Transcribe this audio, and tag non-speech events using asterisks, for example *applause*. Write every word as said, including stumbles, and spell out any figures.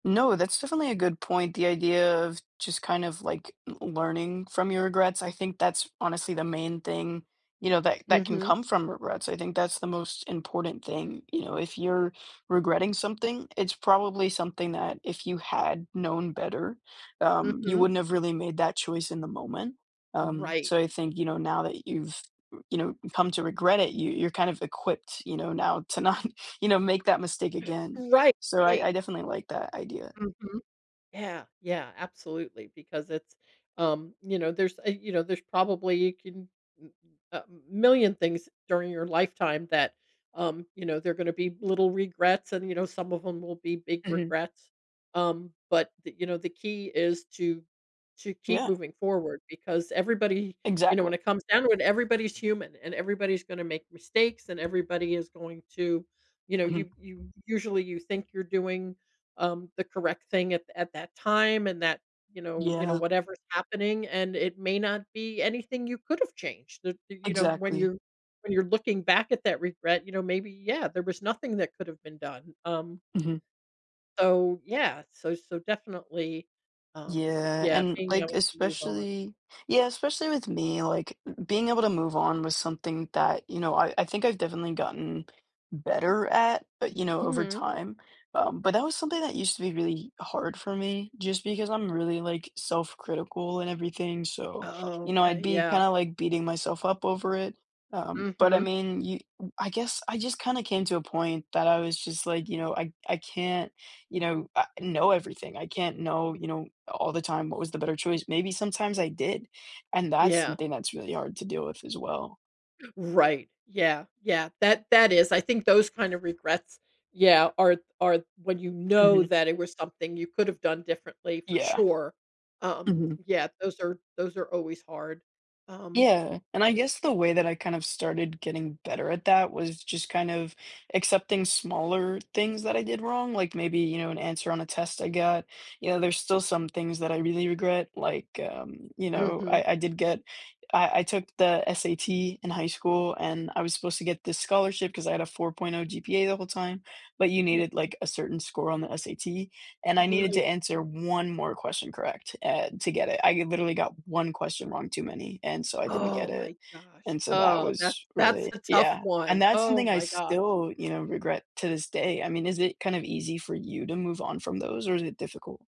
No, that's definitely a good point, the idea of just kind of, like, learning from your regrets I think that's honestly the main thing, you know, that that can Mhm. come from regrets, I think that's the most important thing, you know, if you're regretting something, it's probably something that if you had known better, um, you Mhm. wouldn't have really made that choice in the moment. Um, Right. so I think you know now that you've, you know, come to regret it, you you're kind of equipped, you know, now to not, you know, make that mistake *gasps* again. Right, So, I I right. definitely like that idea. Mhm. Yeah yeah, absolutely, because it's um, you know, there's uh, you know, there's probably you can m a million things during your lifetime that, um, you know, they're gonna be little regrets, and, you know, some of 'em will be big Mhm. regrets, um, but, the you know, the key is to to keep Yeah. moving forward because everybody you know, Exactly. when it comes down to it, everybody's human, and everybody's gonna make mistakes, and everybody is going to you know, Mhm. you you usually, you think you're doing, um, the correct thing at at that time and that, you know you know Yeah. whatever's happening, and it may not be anything you could've changed that, you know when Exactly. you're when you're looking back at that regret, you know, maybe, yeah, there was nothing that could've been done. Um, Mhm. so, yeah. So so definitely, um, Yeah, yeah, and, being like, able to move on. especially yeah, especially with me, like, b being able to move on with something that you know, I I think I've definitely gotten better at, but, you know, over Mhm. time, um, but that was something that used to be really hard for me just because I'm really, like, self-critical and everything, so, you Oh, know, I'd okay, be kind yeah. of, like, beating myself up over it, um, but, I Mhm. mean, you w I guess I just kinda came to a point that I was just, like, you know, I I can't, you know, uh, know everything. I can't know, you know, all the time what was the better choice, maybe sometimes I did, and that's Yeah. something that's really hard to deal with as well. Right, yeah, yeah. That that is I think those kind of regrets, yeah, are are when you know Mhm. that it was something you could have done differently for Yeah. sure. Um, Mhm. yeah, those are those are always hard. Um Yeah, and I guess the way that I kind of started getting better at that was just kind of accepting smaller things that I did wrong, like, maybe, you know, an answer on a test I got, you know, there's still some things that I really regret, like, um, you know, Mhm. I I did get I I took the S-A-T in high school, and I was supposed to get this scholarship cause I had a four point oh G-P-A the whole time, like, you Yeah. needed, like, a certain score on the S-A-T, and I needed to Right. answer one more question correct, eh, to get it, I literally got one question wrong too many, and so I didn't get Oh it, my gosh! and so that Oh, that's was that's really a tough yeah, and one. that's Oh something I my gosh! still, you know, regret to this day. I mean, is it kind of easy for you to move on from those or is it difficult?